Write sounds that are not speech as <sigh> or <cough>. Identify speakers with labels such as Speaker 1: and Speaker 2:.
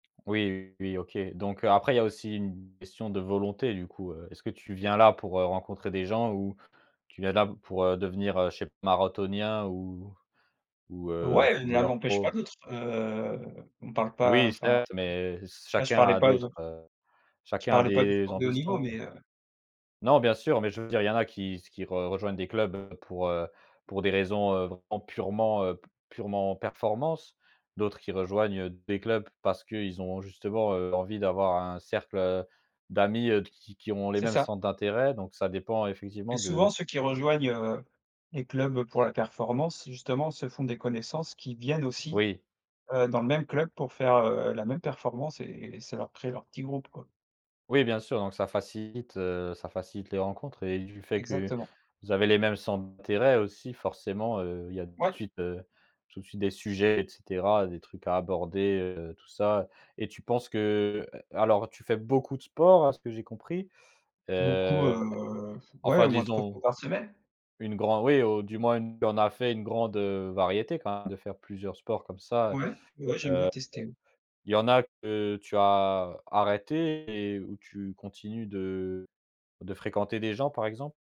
Speaker 1: Oui, oui, OK, donc après il y a aussi une question de volonté du coup, heu, est-ce que tu viens là pour, heu, rencontrer des gens ou tu viens là pour devenir, heu, chez marathonien ou ou heu,
Speaker 2: Ouais, l'un
Speaker 1: footballeur
Speaker 2: n'empêche
Speaker 1: pro?
Speaker 2: pas l'autre, heu, on parle pas
Speaker 1: Oui,
Speaker 2: enfin,
Speaker 1: certes, mais se
Speaker 2: là je
Speaker 1: chacun
Speaker 2: parlais
Speaker 1: a
Speaker 2: pas de
Speaker 1: d'autres heu,
Speaker 2: je
Speaker 1: chacun a
Speaker 2: parlais pas du
Speaker 1: des
Speaker 2: sport de haut niveau
Speaker 1: ambitions quoi.
Speaker 2: mais heu
Speaker 1: Non, bien sûr, mais je veux dire il y en a qui se qui re rejoignent des clubs pour, heu, pour des raisons, heu, vraiment, purement heu, p purement performance, d'autres qui rejoignent des clubs parce qu'ils ont justement, heu, envie d'avoir un cercle d'amis, heu, qui qui ont les
Speaker 2: C'est
Speaker 1: mêmes
Speaker 2: ça.
Speaker 1: centres d'intérêt, donc ça dépend
Speaker 2: Et
Speaker 1: effectivement
Speaker 2: souvent
Speaker 1: de
Speaker 2: ceux qui rejoignent, heu, les clubs pour la performance, justement se font des connaissances qui viennent aussi,
Speaker 1: Oui.
Speaker 2: heu, dans le même club pour faire, heu, la même performance et ça leur crée leur petit groupe, quoi.
Speaker 1: Oui, bien sûr donc ça facilite heu, ça facilite les rencontres et du fait que
Speaker 2: Exactement.
Speaker 1: vous avez les mêmes centres d'intérêt aussi forcément, heu, il y a tout de
Speaker 2: Ouais.
Speaker 1: suite heu, tout de suite des sujets et cetera, des trucs à aborder, heu, tout ça et tu penses que heu, alors tu fais beaucoup de sport à ce que j'ai compris?
Speaker 2: Beaucoup,
Speaker 1: Heu,
Speaker 2: heu, pff, ouais,
Speaker 1: enfin
Speaker 2: au moins 3 fois
Speaker 1: disons
Speaker 2: par semaine.
Speaker 1: une grand oui, au du moins il y en a fait une grande, heu, variété <unintelligible> de faire plusieurs sports comme ça,
Speaker 2: Ouais, ouais, j'aime
Speaker 1: heu.
Speaker 2: bien tester oui.
Speaker 1: Il y en a que tu as arrêté et où tu continues de de fréquenter des gens par exemple?